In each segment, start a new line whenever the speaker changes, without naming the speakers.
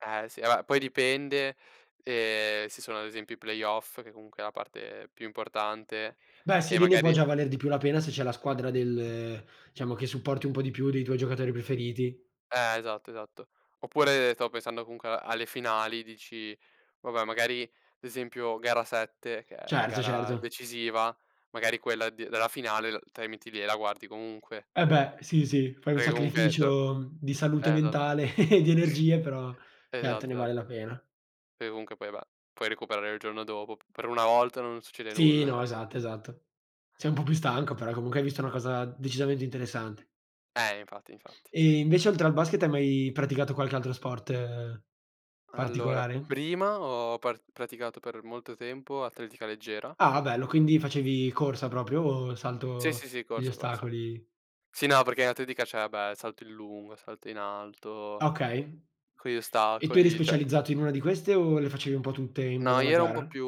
Eh sì. Vabbè, poi dipende, ehm, se sono ad esempio i playoff, che comunque è la parte più importante
Beh,
e
sì, lì ne può
magari
già valer di più la pena se c'è la squadra del diciamo, che supporti un po' di più, dei tuoi giocatori preferiti.
Eh, esatto, esatto. Oppure stavo pensando comunque alle finali, dici: "Vabbè, magari, ad esempio gara 7, che è la
Certo,
gara
certo.
decisiva, magari quella d della finale, uhm, te la metti lì e la guardi comunque".
Eh, beh. Sì, sì. Fai un
Perché comunque d eh,
sacrificio, mhmm, di
esatto.
salute mentale e di energie, però certo, ne
Esatto, esat
vale la pena.
Perché comunque poi beh, puoi recuperare il giorno dopo, p per 1 volta non succede
Sì,
nulla.
no, esatto, esatto. Sei un po' più
Sì, sì,
stanco,
sì.
però comunque hai visto una cosa decisamente interessante.
Eh. Infatti, infatti.
E invece oltre al basket hai mai praticato qualche altro sport
Allora,
particolare?
prima ho par praticato per molto tempo atletica leggera.
Ah, bello. Quindi facevi corsa proprio o
Sì,
salto
sì, sì,
degli
corsa, corsa.
ostacoli?
Sì, no, perché atletica c'è, vabbè, salto in lungo, salto in alto,
Okay.
con gli
E tu eri
ostacoli, cioè
specializzato in una di queste o le facevi un po' tutte in base
No,
alla
io ero un po'
gara?
più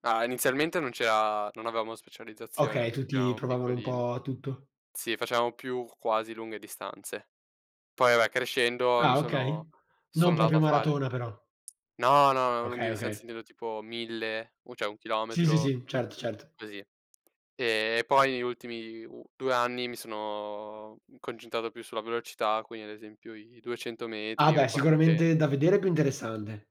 ah, inizialmente non c'era non avevamo specializzazione,
Okay,
anche perché
tutti
eravamo
provavano un
piccolini.
po' tutto.
Sì, facevamo più quasi lunghe distanze. Poi vabbè, crescendo, mi
Ah,
sono
okay.
sono
Non
andato
proprio
a fare
maratona però.
no, no, lunghe
Okay,
distanze,
okay.
intendo tipo 1000, o cioè 1
Sì, sì,
chilometro,
sì. Certo, certo.
così. E poi ultimi u 2 anni mi sono concentrato più sulla velocità, quindi ad esempio i 200
Ah,
metri o i
beh, sicuramente
400.
da vedere è più interessante.